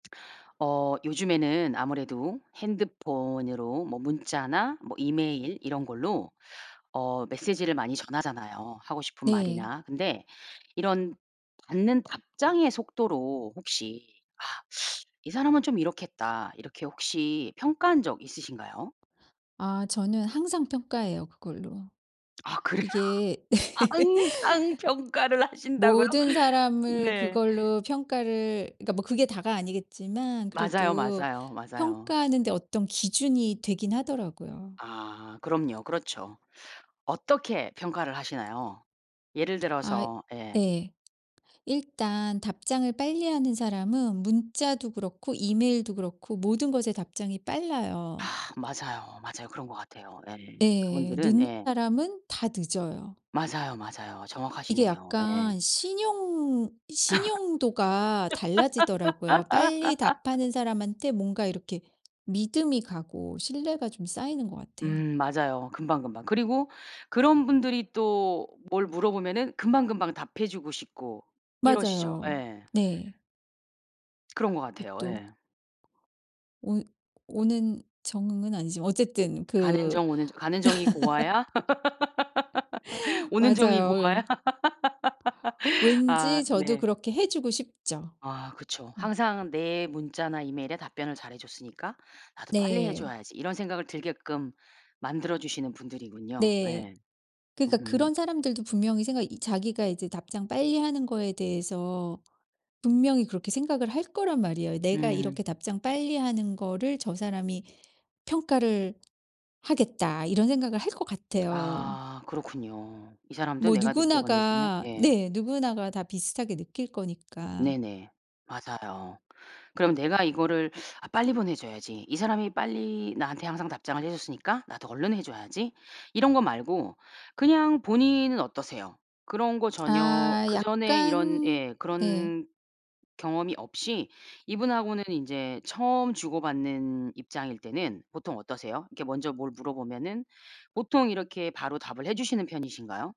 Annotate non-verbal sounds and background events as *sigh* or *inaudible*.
어 요즘에는 아무래도 핸드폰으로 뭐 문자나 뭐 이메일 이런 걸로 어 메시지를 많이 전하잖아요, 하고 싶은 네. 말이나. 근데 이런 받는 답장의 속도로 혹시 '아 이 사람은 좀 이렇겠다.' 이렇게 혹시 평가한 적 있으신가요? 아 저는 항상 평가해요, 그걸로. 아 그래요? 이게 아 항상 평가를 *laughs* 하신다고요? 모든 사람을 네. 그걸로 평가를 그러니까 뭐 그게 다가 아니겠지만 맞아요, 그래도 맞아요, 맞아요. 평가하는데 어떤 기준이 되긴 하더라고요. 아 그럼요. 그렇죠. 어떻게 평가를 하시나요? 예를 아 들어서. 예. 네. 일단 답장을 빨리하는 사람은 문자도 그렇고 이메일도 그렇고 모든 것에 답장이 아 빨라요. 맞아요. 맞아요. 그런 것 같아요. 예. 예. 그분들은 늦는 예. 사람은 다 늦어요. 맞아요, 맞아요. 이게 정확하시네요. 예. 약간 신용 신용도가 달라지더라고요. 빨리 *laughs* 답하는 사람한테 뭔가 이렇게 믿음이 가고 신뢰가 좀 쌓이는 것 같아요. 음 맞아요, 금방 금방. 그리고 그런 분들이 또 뭘 물어보면은 금방 금방 답해주고 싶고 이러시죠. 맞아요. 예. 네. *smacks lips* 런 것 이 같아요. 또 예. 오 오는 정응은 아니지만 어쨌든 가는 그 정 오는 정 가는 정이 고와야 *laughs* *laughs* 오는 정이 고와야 맞아요. *laughs* 아 왠지 저도 네. 그렇게 해 주고 싶죠. 아 그쵸. 음. '항상 내 문자나 이메일에 답변을 잘해줬으니까 나도 빨리 네. 해줘야지.' 이런 생각을 들게끔 만들어주시는 분들이군요. 네. 예. 그러니까 음. 그런 사람들도 분명히 생각이 이 자기가 이제 답장 빨리 하는 거에 대해서 분명히 그렇게 생각을 할 거란 말이에요. '내가 음. 이렇게 답장 빨리 하는 거를 저 사람이 평가를 하겠다.' 이런 생각을 할 것 같아요. 아 그렇군요. 이 사람도 뭐 내가 늦게 보내주면 누구나가 예. 네 누구나가 다 비슷하게 느낄 거니까. 네네. 맞아요. 그럼 내가 이거를 '아 빨리 보내줘야지. 이 사람이 빨리 나한테 항상 답장을 해줬으니까 나도 얼른 해줘야지.' 이런 거 말고 그냥 본인은 어떠세요? 그런 거 전혀 아 그전에 이런 약간 예 네. 그런 경험이 없이 이분하고는 이제 처음 주고받는 입장일 때는 보통 어떠세요? 이렇게 먼저 뭘 물어보면은 보통 이렇게 바로 답을 해주시는 편이신가요?